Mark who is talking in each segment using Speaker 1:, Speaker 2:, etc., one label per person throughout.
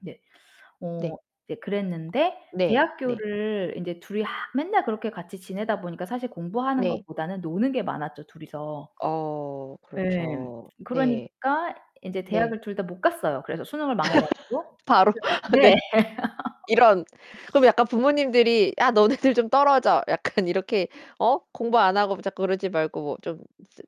Speaker 1: 네,
Speaker 2: 네.
Speaker 1: 어 네 그랬는데
Speaker 2: 네. 네.
Speaker 1: 대학교를 인제 둘이 하 맨날 그렇게 같이 지내다 보니까 사실 공부하는
Speaker 2: 네.
Speaker 1: 것보다는 노는 게 많았죠, 둘이서.
Speaker 2: 어
Speaker 1: 예,
Speaker 2: 그렇죠. 네
Speaker 1: 그러니까 인제
Speaker 2: 네.
Speaker 1: 대학을 둘 다 못 갔어요. 그래서 수능을 망해 가지고
Speaker 2: 바로,
Speaker 1: [unintelligible] 네.
Speaker 2: 네. 이런. 그럼 약간 부모님들이 "야 너네들 좀 떨어져." 약간 이렇게 어 "공부 안 하고 자꾸 그러지 말고 좀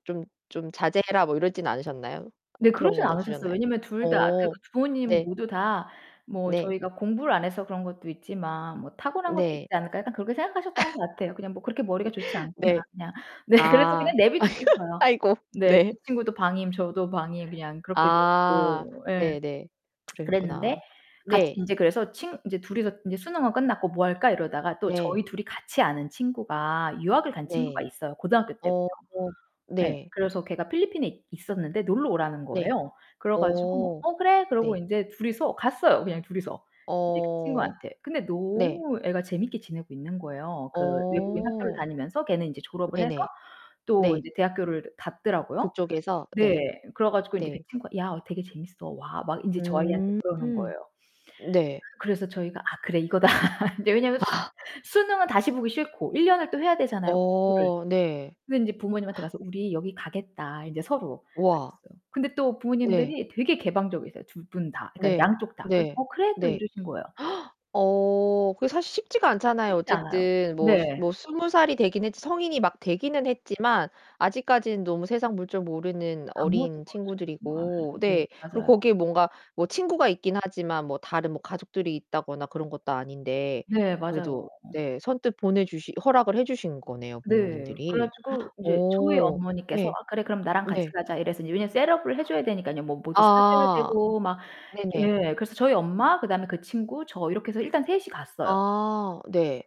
Speaker 2: 좀 좀 자제해라" 뭐 이러진 않으셨나요?
Speaker 1: 네,
Speaker 2: 그런
Speaker 1: 그러진
Speaker 2: 건
Speaker 1: 않으셨어요.
Speaker 2: 없으셨나요?
Speaker 1: 왜냐면 둘 다 그
Speaker 2: 어
Speaker 1: 부모님
Speaker 2: 네.
Speaker 1: 모두 다 뭐
Speaker 2: 네.
Speaker 1: 저희가 공부를 안 해서 그런 것도 있지만 뭐 '타고난 것도 있지
Speaker 2: 네.
Speaker 1: 않을까?' 약간 그렇게 생각하셨던 것 같아요. 그냥 뭐 '그렇게 머리가
Speaker 2: 으
Speaker 1: 좋지 않구나.'
Speaker 2: 네.
Speaker 1: 그냥. 네, 그래서 그냥
Speaker 2: 아.
Speaker 1: 내버려 두셨어요.
Speaker 2: 아이고.
Speaker 1: 네, 그
Speaker 2: 네.
Speaker 1: 친구도 방임, 저도 방임 그냥 그렇게
Speaker 2: 아
Speaker 1: 내고 예.
Speaker 2: 네네. 그러셨구나.
Speaker 1: 그랬는데 같이
Speaker 2: 네.
Speaker 1: 인제 그래서 친 인제 둘이서 인제 수능은 끝났고 "뭐 할까." 이러다가 또
Speaker 2: 네.
Speaker 1: 저희 둘이 같이 아는 친구가 유학을 간 친구가
Speaker 2: 네.
Speaker 1: 있어요 고등학교 때부터.
Speaker 2: 어
Speaker 1: 네,
Speaker 2: 네.
Speaker 1: 그래서 걔가 필리핀에 있었는데 놀러 오라는
Speaker 2: 네.
Speaker 1: 거예요. 그래 가지고
Speaker 2: 어
Speaker 1: "어 그래." 그러고
Speaker 2: 네.
Speaker 1: 이제 둘이서 갔어요, 그냥 둘이서. 인제 그
Speaker 2: 어
Speaker 1: 친구한테. 근데
Speaker 2: 네.
Speaker 1: 너무 애가 재밌게 지내고 있는 거예요. 그 외국인 학교를
Speaker 2: 어.
Speaker 1: 다니면서 걔는 이제 졸업을 해서
Speaker 2: 네네
Speaker 1: 또
Speaker 2: 네.
Speaker 1: 이제 대학교를 갔더라고요.
Speaker 2: 그쪽에서. 네
Speaker 1: 네, 그래 가지고 이제 그
Speaker 2: 네.
Speaker 1: 친구가 "야 어 되게 재밌어. 와." 막 인제 저희한테
Speaker 2: 음
Speaker 1: 그러는 거예요.
Speaker 2: 네.
Speaker 1: 그래서 저희가 '아 그래 이거다.' 이제 왜냐면 수능은 다시 보기 싫고 1 년을 또 해야 되잖아요 공부를.
Speaker 2: 어 네.
Speaker 1: 근데 이제 부모님한테 가서 "우리 여기 가겠다." 인제 서로
Speaker 2: 우와.
Speaker 1: 그랬어요. 근데 또
Speaker 2: 네.
Speaker 1: 부모님들이 되게 개방적이세요. 2 분 다. 그러니까
Speaker 2: 네
Speaker 1: 양쪽 다. 그래서
Speaker 2: 네
Speaker 1: "어 그래." 또
Speaker 2: 네.
Speaker 1: 이러신 거예요.
Speaker 2: 어 그게 사실 쉽지가 않잖아요.
Speaker 1: 쉽지 않아요.
Speaker 2: 어쨌든 뭐,
Speaker 1: 네.
Speaker 2: 뭐 20 살이 되긴 했지 성인이 막 되기는 했지만 아직까지는 너무 세상 물정 모르는
Speaker 1: 아무것도
Speaker 2: 어린
Speaker 1: 모르죠 정말.
Speaker 2: 친구들이고
Speaker 1: 네
Speaker 2: 네.
Speaker 1: 맞아요.
Speaker 2: 그리고 거기에 뭔가 뭐 친구가 있긴 하지만 뭐 다른 뭐 가족들이 있다거나 그런 것도 아닌데
Speaker 1: 네 맞아요.
Speaker 2: 그래도 네 선뜻 보내 주시 허락을 해 주신 거네요
Speaker 1: 네 그래
Speaker 2: 부모님들이.
Speaker 1: 가지고 인제 저희
Speaker 2: 어
Speaker 1: 어머니께서
Speaker 2: 네.
Speaker 1: "아 그래 그럼 나랑 같이
Speaker 2: 네.
Speaker 1: 가자." 이래서 이제 왜냐면 셋업을 해 줘야 되니까요. 뭐 뭐도 사 줘야
Speaker 2: 아
Speaker 1: 되고 막.
Speaker 2: 네네.
Speaker 1: 예 그래서 저희 엄마, 그다음에 그 친구, 저 이렇게 해서 일단 셋이 갔어요.
Speaker 2: 아 네.